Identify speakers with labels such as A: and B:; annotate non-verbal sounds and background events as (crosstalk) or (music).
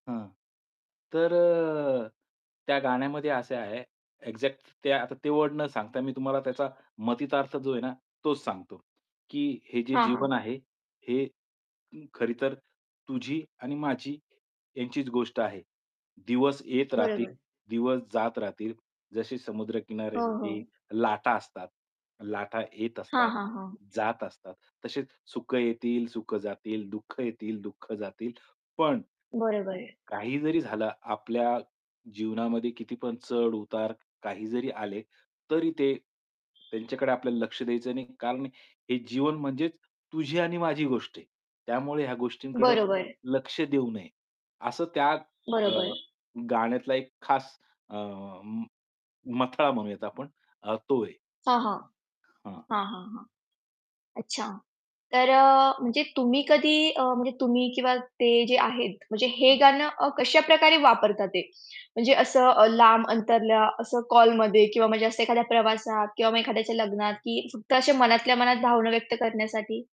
A: हां. तर अ, त्या गाण्यामध्ये असे आहे एक्झॅक्ट ते आता ते वर्ड न सांगता मी तुम्हाला त्याचा मतितार्थ जो आहे ना, तोच सांगतो. की हे जे
B: हां, हां.
A: जीवन आहे, हे खरी तर तुझी आणि माझी यांचीच गोष्ट आहे. दिवस येत
B: बरोबर.
A: राहतील, दिवस जात राहतील. जसे
B: हो,
A: समुद्रकिनारे
B: हो.
A: (unintelligible) लाटा असतात. लाटा येत
B: हां,
A: असतात,
B: हां, हां.
A: जात असतात. तसेच सुखं येतील, सुखं जातील, दुःख येतील, दुःख जातील. पण,
B: बरोबर.
A: काही जरी झालं आपल्या जीवनामध्ये कितीपण चढ-उतार काही जरी आले, तरी ते त्यांच्याकडे आपल्याला लक्ष द्यायचं नाही. कारण हे जीवन म्हणजेच तुझी आणि माझी गोष्ट आहे. त्यामुळे ह्या गोष्टींकडे
B: बरोबर.
A: लक्ष देऊ नये. असं त्या अ,
B: बरोबर.
A: गाण्यातला एक खास अ, म मथळा म्हणूयात आपण अ, तो आहे.
B: हां, हां.
A: हां.
B: हां, हां, हां. अच्छा. तर अ, म्हणजे तुम्ही अ, कधी म्हणजे तुम्ही किंवा ते जे आहेत म्हणजे हे
A: हं.
B: गाणं अ, कशा प्रकारे वापरतात ते म्हणजे असं अ, लांब अंतरला असं कॉलमध्ये किंवा म्हणजे असं एखाद्या प्रवासात किंवा मग एखाद्याच्या लग्नात की फक्त अशा मनातल्या मनात भावना व्यक्त करण्यासाठी?